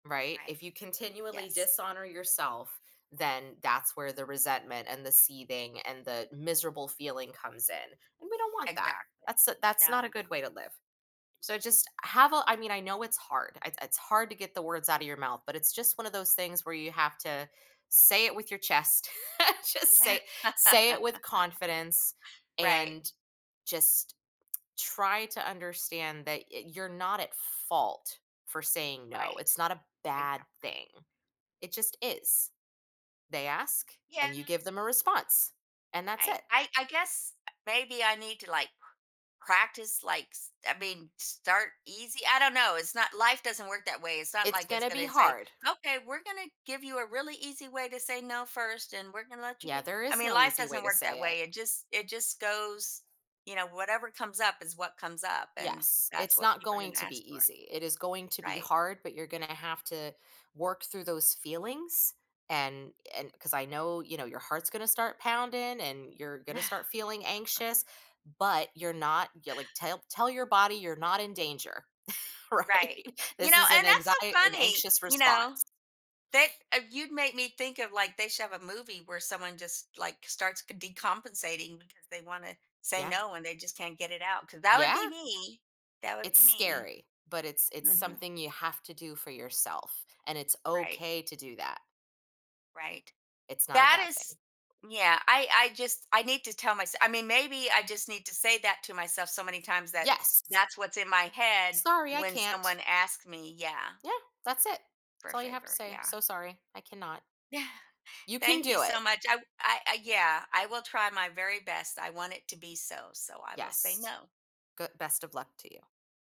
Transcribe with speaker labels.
Speaker 1: Right?
Speaker 2: Right.
Speaker 1: If you continually
Speaker 2: Yes.
Speaker 1: dishonor yourself, then that's where the resentment, and the seething, and the miserable feeling comes in; and we don't want that,
Speaker 2: Exactly.
Speaker 1: that's u that's
Speaker 2: Now
Speaker 1: not a
Speaker 2: we know.
Speaker 1: good way to live. So, just have a I mean, I know it's hard, it it's hard to get the words out of your mouth, but it's just one of those things where you have to say it with your chest. Just say say it with confidence
Speaker 2: Right.
Speaker 1: and just try to understand that i you're not at fault for saying no, it's
Speaker 2: Right.
Speaker 1: not a bad
Speaker 2: Exactly.
Speaker 1: thing. It just is. They ask,
Speaker 2: Yeah.
Speaker 1: and you give them a response and that's
Speaker 2: Right,
Speaker 1: it.
Speaker 2: I I guess maybe I need to, like, practice, like, s I mean, start easy? I don't know, it's not Life doesn't work that way, it's not
Speaker 1: It's
Speaker 2: like it's
Speaker 1: gonna be
Speaker 2: gonna say,
Speaker 1: hard.
Speaker 2: "Okay, we're gonna give you a really easy way to say no first, and we're gonna let you
Speaker 1: Yeah,
Speaker 2: get"
Speaker 1: there
Speaker 2: I
Speaker 1: is
Speaker 2: mean,
Speaker 1: no
Speaker 2: life
Speaker 1: easy way
Speaker 2: doesn't
Speaker 1: to
Speaker 2: work that
Speaker 1: say it.
Speaker 2: way; it just it just goes you know, whatever comes up is what comes up, and
Speaker 1: Yes,
Speaker 2: that's
Speaker 1: it's
Speaker 2: what
Speaker 1: not
Speaker 2: people are
Speaker 1: going
Speaker 2: gonna
Speaker 1: to be
Speaker 2: ask for.
Speaker 1: easy; it is going to be
Speaker 2: Right.
Speaker 1: hard, but you're gonna have to work through those feelings, and and 'cause I know, you know, your heart's gonna start pounding and you're gonna start feeling anxious, but you're not Yeah, like, tell tell your body you're not in danger,
Speaker 2: Right.
Speaker 1: right?
Speaker 2: You
Speaker 1: This
Speaker 2: know,
Speaker 1: is an
Speaker 2: and that's
Speaker 1: anxie
Speaker 2: so
Speaker 1: an
Speaker 2: funny,
Speaker 1: anxious
Speaker 2: you know,
Speaker 1: response.
Speaker 2: thick of You'd make me think of, like, they should have a movie where someone just, like, starts ca decompensating because they wanna say
Speaker 1: Yeah.
Speaker 2: no and they just can't get it out, 'cause that would
Speaker 1: Yeah.
Speaker 2: be me! That would
Speaker 1: It's
Speaker 2: be me.
Speaker 1: scary, but it's it's
Speaker 2: Mhm.
Speaker 1: something you have to do for yourself, and it's
Speaker 2: Right.
Speaker 1: okay to do that.
Speaker 2: Right.
Speaker 1: It's not a
Speaker 2: That
Speaker 1: bad
Speaker 2: is
Speaker 1: thing.
Speaker 2: Yeah, I I just I need to tell mysel I mean, maybe I just need to say that to myself so many times that
Speaker 1: Yes!
Speaker 2: that's what's in my head,
Speaker 1: “Sorry, I
Speaker 2: when
Speaker 1: can't.”
Speaker 2: someone asks me Yeah.
Speaker 1: Yeah, that's it.
Speaker 2: For
Speaker 1: That's
Speaker 2: a
Speaker 1: all you have to
Speaker 2: favor,
Speaker 1: say,
Speaker 2: yeah.
Speaker 1: "So sorry, I cannot."
Speaker 2: Yeah.
Speaker 1: You can
Speaker 2: Thank you
Speaker 1: do it.
Speaker 2: so much. I w I I Yeah, I will try my very best; I want it to be so, so I will say
Speaker 1: Yes.
Speaker 2: no.
Speaker 1: Goo Best of luck to you.